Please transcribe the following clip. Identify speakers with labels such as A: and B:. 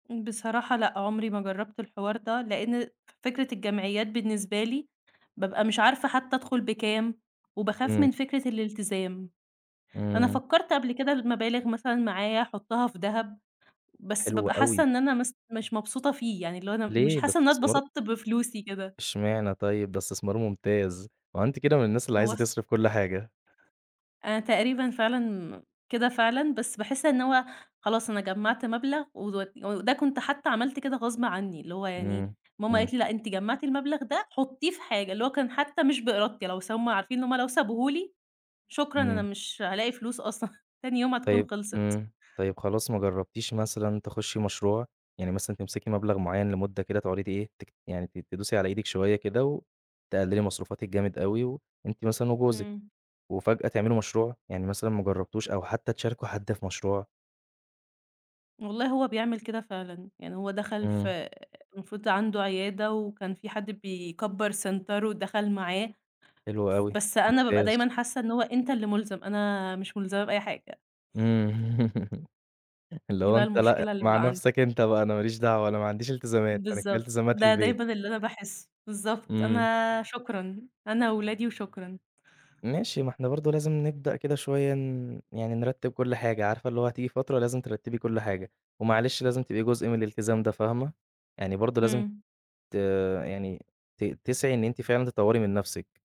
A: بصراحة لأ، عمري ما جرّبت الحوار ده. لأن فكرة الجمعيات بالنسبة لي بابقى مش عارفة حتّى أدخل بكام وباخاف
B: إمم.
A: من فكرة الالتزام. أنا
B: إمم.
A: فكّرت قبل كده المبالغ مثلًا معايا أحطها في دهب، بس
B: حلو
A: بابقى حاسّة
B: أوي.
A: إن أنا مث مش مبسوطة فيه، يعني اللي هو أنا مش
B: ليه؟ ده
A: حاسّة إن أنا
B: استثمار
A: اتبسطت بفلوسي كده.
B: اشمعنى طيب؟ ده إستثمار ممتاز. هو أنتِ كده من الناس اللي
A: هو
B: عايزة
A: الص
B: تصرف كل حاجة.
A: أنا تقريبًا فعلًا كده فعلًا، بس باحس إن هو خلاص أنا جمعت مبلغ و وده كنت حتى عملت كده غصب عني، اللي هو يعني
B: إمم،
A: ماما
B: إمم.
A: قالت لي: "لأ، أنتِ جمّعتِ المبلغ ده، حطيه في حاجة." اللي هو كان حتى مش بإرادتي بس هُم عارفين إن هُم لو سابوه لي، شكرًا أنا
B: إمم.
A: مش هالاقي فلوس أصلًا. تاني يوم هتكون
B: طيب
A: خلصِت.
B: إمم. طيب خلاص، ما جربتيش مثلًا تخشّي مشروع؟ يعني مثلًا تمسكي مبلغ معيّن لمدة كده تقعدي تإيه يعني ت تدوسي على إيدِك شوية كده وتقللي مصروفاتِك جامد أوي و أنتِ مثلًا وجوزِك
A: إمم.
B: وفجأة تعملوا مشروع؟ يعني مثلًا ما جربتوش أو حتى تشاركوا حد في مشروع.
A: والله هو بيعمل كده فعلًا. يعني هو دخل في
B: إمم.
A: آآ، المفروض عنده عيادة وكان في حد بيكبّر سنتر ودخل معاه.
B: حلو
A: ف
B: أوي.
A: بس أنا بابقى
B: ممتاز.
A: دايمًا حاسّة إن هو أنت اللي ملزم، أنا مش ملزمة بأي حاجة.
B: إمم. اللي
A: دي
B: هو
A: بقى
B: أنت لأ
A: المشكلة اللي
B: مع
A: بقى عندي.
B: نفسك أنت بقى، أنا ما ليش دعوة، أنا ما عنديش التزامات. أنا كفاية
A: بالضبط.
B: إلتزامات
A: ده
B: البيت.
A: دايمًا اللي أنا باحسه. بالضبط،
B: إمم.
A: أنا شكرًا أنا واولادي وشكرًا.
B: ماشي، ما إحنا برضو لازم نبدأ كده شوية ن يعني نرتب كل حاجة عارفة، اللي هو هتيجي فترة لازم ترتبي كل حاجة، ومعلش لازم تبقي جزء من الالتزام ده فاهمة؟ يعني برضو لازم
A: إمم.
B: ت يعني ت تسعي إن أنتِ فعلًا تطوري من نفسِك.